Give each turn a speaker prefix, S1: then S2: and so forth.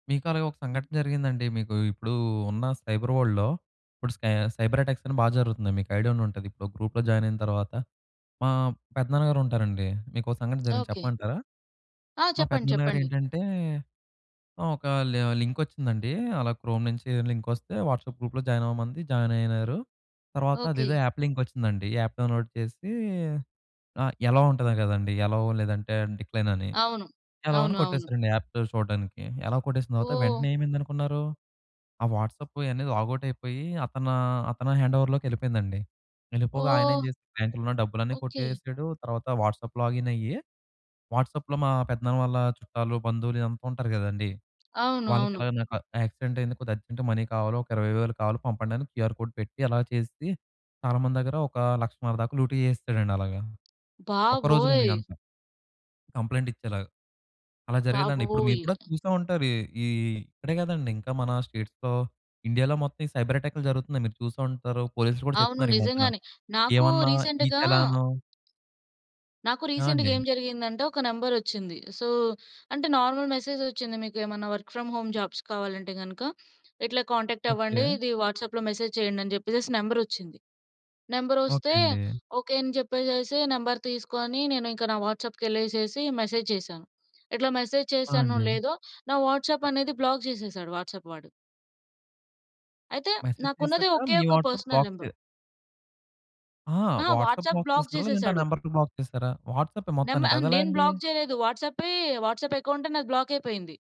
S1: మీకు అలాగ ఒక సంఘటన జరిగిందండి. మీకు ఇప్పుడు ఉన్న సైబర్ వర్ల్డ్‌లో ఇప్పుడు స్కై సైబర్ అటాక్స్ అని బా జరుగుతున్నాయి. మీకైడియా ఉండుంటది ఇప్పుడు ఒక గ్రూప్లో జాయినైన తరువాత మా పెద్దనాన్న గారు ఉంటారండి మీకొ సంఘటన జరిగింది
S2: ఓకే.
S1: చెప్పమంటారా?
S2: ఆ!
S1: మా
S2: చెప్పండి.
S1: పెద్దనాన్న గారు
S2: చెప్పండి.
S1: ఏంటంటే ఆ! ఒక లి లింకొచ్చిందండి అలా క్రోమ్ నుంచి లింకొస్తే వాట్సాప్ గ్రూప్లో జాయినవ్వమంది, జాయినైనారు. తర్వాత
S2: ఓకే.
S1: అదేదో యాప్ లింకొచ్చిందండి. ఈ యాప్ డౌన్‌లోడ్ చేసి అ ఎ‌లవ్ ఉంటది కదండీ, ఎ‌లవ్ లేదంటే డిక్లైన్ అని,
S2: అవును.
S1: ఎ‌లవ్ అని
S2: అవును. అవును.
S1: కొట్టేశారండి యాప్ పేరు చూడడానికి. ఎ‌లవ్ కొట్టేసిన తర్వాత
S2: ఓహ్!
S1: వెంటనే ఏమైంది అనుకున్నారు, ఆ వాట్సాపు అనేది లాగౌట్ అయిపోయి అతనూ అతను హ్యాండోవర్ లోకేళ్ళిపోయిందండి. వెళ్ళిపోగా ఆయన ఏం
S2: ఓహ్!
S1: చేస్తాడు బ్యాంక్లో ఉన్న డబ్బులన్నీ
S2: ఓకే.
S1: కొట్టేసాడు. తర్వాత వాట్సాప్ లాగిన్ అయ్యి, వాట్సాప్లో మా పెద్దనాన్న వాళ్ళ చుట్టాలు, బంధువులు ఇదంతా ఉంటారు కదండీ,
S2: అవును.
S1: వాళ్ళకి
S2: అవును.
S1: ఎలాగ "నాకు యాక్సిడెంటైంది. కొద్దిగా అర్జెంట్‌గా మనీ కావాలో ఒక 20,000 కావాలో పంపండి అని క్యూఆర్ కోడ్ పెట్టి" అలా చేసి, చాలా మంది దగ్గర ఒక 1,50,000 దాకా లూటీ చేసేసాడండి అలాగా. ఒక్కరోజులోనే
S2: బాబోయ్!
S1: ఇదంతా. కంప్లెయింట్ ఇచ్చేలాగా. అలా జరిగిందండి. ఇప్పుడు మీరు
S2: బాబోయ్!
S1: కూడా చూసే ఉంటారు. ఈ ఈ ఇక్కడే కాదండీ. ఇంకా మన స్టేట్స్‌లో, ఇండియాలో మొత్తం ఈ సైబర్ అటాక్లు జరుగుతున్నాయి, మీరు చూసే ఉంటారు. పోలీస్‌లు కూడా
S2: అవును.
S1: చెప్తున్నారు. ఈ మధ్యన
S2: నిజంగానే నాకు
S1: ఏమన్నా ఈ
S2: రీసెంట్‌గా,
S1: చలాను
S2: నాకు
S1: ఆ!
S2: రీసెంట్‌గా
S1: అండి.
S2: ఏం జరిగిందంటే ఒక నెంబరోచ్చింది. సో, అంటే నార్మల్ మెసేజ్ ఒచ్చింది, "మీకెమన్నా వర్క్ ఫ్రమ్ హోమ్ జాబ్స్ కావాలంటే గనక ఇట్లా కాంటాక్ట్
S1: ఓకే.
S2: అవ్వండి ఇది వాట్సాప్లో మెసేజ్ చేయండి" అని జెప్పేసేసి నంబరోచ్చింది. నెంబరొస్తే
S1: ఓకే. అండి.
S2: ఓకే అని చెప్పేసేసి నంబర్ తీసుకొని నేను ఇంక నా వాట్సాప్‌కెళ్ళేసేసి మెసేజ్ చేశా. ఇట్లా మెసేజ్
S1: ఆ!
S2: చేశానో
S1: అండి.
S2: లేదో నా వాట్సాప్ అనేది బ్లాక్ చేసేసాడు వాట్సాప్ వాడు. అయితే
S1: మెసేజ్
S2: నాకున్నది
S1: చేసాక
S2: ఒకే
S1: మీ
S2: ఒక్క
S1: వాట్సాప్
S2: పర్సనల్
S1: బ్లాక్ చే
S2: నంబర్.
S1: ఆ!
S2: ఆ!
S1: వాట్సాప్
S2: వాట్సాప్
S1: బ్లాక్
S2: బ్లాక్
S1: చేసారా? లేదంటే ఆ
S2: చేసేసాడు.
S1: నెంబర్‌ని బ్లాక్ చేసారా? వాట్సాపె
S2: నం ఆ!
S1: మొత్తానికి అదెలా
S2: నేను
S1: అండి?
S2: బ్లాక్ చేయలేదు. వాట్సాపె వాట్సాపేకౌంట్ నాది బ్లాకైపోయింది.